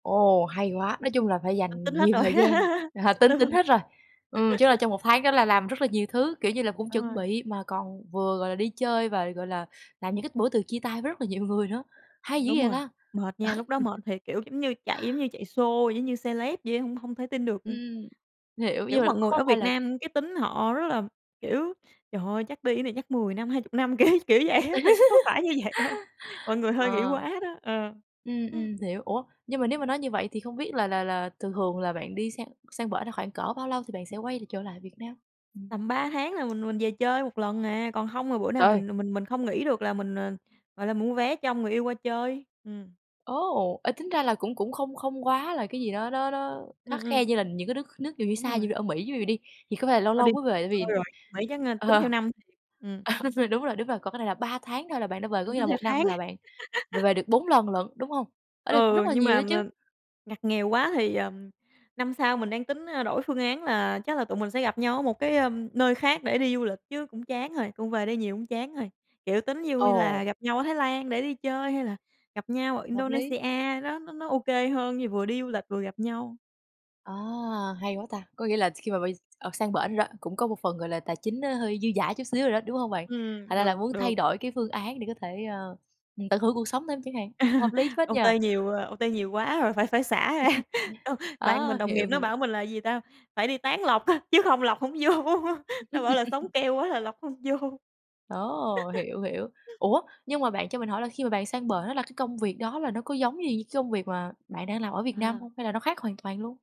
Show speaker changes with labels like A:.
A: Ồ! Hay quá, nói chung là phải
B: Ti tính
A: dành
B: hết
A: nhiều
B: rồi,
A: thời gian, à, tính
B: đúng rồi.
A: tính hết rồi, ừm, chứ là trong 1 tháng đó là làm rất là nhiều thứ, kiểu như là, cũng
B: Đúng
A: chuẩn
B: rồi.
A: bị mà còn vừa, gọi là, đi chơi và, gọi là, làm những cái bữa từ chia tay với rất là nhiều người nữa, hay dữ
B: Đúng
A: vậy
B: rồi,
A: ta!
B: mệt nha, lúc đó mệt thiệt, kiểu, giống như chạy, giống như chạy sô giống như celeb vậy á, hông hông thể tin được. Ừm.
A: Ừm. Hiểu.
B: Kiểu,
A: Nhưng mà
B: mọi người
A: có
B: ở
A: phải
B: Việt
A: là
B: Nam cái tính họ rất là, kiểu, trời ơi chắc đi cái này chắc 10 năm 20 năm, kiểu, kiểu vậy á. Thiệt ra có phải như vậy đâu, mọi người hơi nghĩ
A: Ờ.
B: quá đó, ờ.
A: Ừm, ừm, hiểu, ủa, nhưng mà nếu mà nói như vậy thì không biết là là là thường thường là bạn đi sang sang bển là khoảng cỡ bao lâu thì bạn sẽ quay l trở lại Việt Nam? Ừm.
B: Tầm 3 tháng là mình mình về chơi 1 lần à, còn hông là bữa nào
A: Trời ơi!
B: mình mình mình không nghỉ được là mình, ờ, gọi là, mua vé cho người yêu qua chơi, ừm.
A: Ồ! Ê tính ra là cũng cũng không không quá là cái gì đó đó đó khắt
B: Ừm, ừm.
A: khe như là những cái nước nước dụ như
B: Đúng
A: xa
B: rồi.
A: như ở Mỹ ví dụ đi, thì có phải là lâu
B: Ơ, đi
A: lâu mới về tại
B: thôi
A: vì
B: rồi, Mỹ chắc a tính
A: ờ.
B: theo năm thiệt, ừm.
A: À, đúng rồi, đúng rồi, có cái này là 3 tháng thôi là bạn đã về, có
B: Tính
A: nghĩa
B: tính
A: là
B: theo
A: 1 năm
B: tháng.
A: là bạn về về được 4 lần lận, đúng hông? Ơ đấy cũng
B: Ừ,
A: rất là
B: nhưng
A: nhiều
B: mà
A: đó chứ.
B: mà ngặt nghèo quá thì, ờm, năm sau mình đang tính, a, đổi phương án là chắc là tụi mình sẽ gặp nhau ở 1 cái, ừm, nơi khác để đi du lịch chứ cũng chán rồi, cũng về đây nhiều cũng chán rồi, kiểu, tính vui là
A: Ồ!
B: gặp nhau ở Thái Lan để đi chơi hay là gặp nhau ở
A: Hợp lý.
B: Indonesia, đó, nó nó ô kê hơn, như vừa đi du lịch vừa gặp nhau.
A: À! Hay quá ta, có nghĩa là khi mà bay, ờ, sang bển rồi, cũng có một phần, gọi là, tài chính nó hơi dư dả chút xíu rồi đó, đúng hông bạn? Thành
B: Ừm,
A: ra là
B: được,
A: muốn
B: được.
A: thay đổi cái phương án để có thể, ờ, ừm, tận hưởng cuộc sống thêm chẳng hạn, hợp lý phết nhỉ.
B: OT nhiều à OT nhiều quá rồi phải phải xả ra. Con bạn
A: Á!
B: mình đồng nghiệp
A: Hiểu,
B: nó
A: hiểu.
B: bảo mình là gì ta, phải đi tán lộc á, chứ không lộc hổng vô, nó bảo là sống keo quá là lộc hông vô.
A: Ồ! Hiểu, hiểu. Ủa, nhưng mà bạn cho mình hỏi là khi mà bạn sang bển đó là cái công việc đó là nó có giống gì cái công việc mà bạn đang làm ở Việt Nam
B: À.
A: hông? Hay là nó khác hoàn toàn luôn?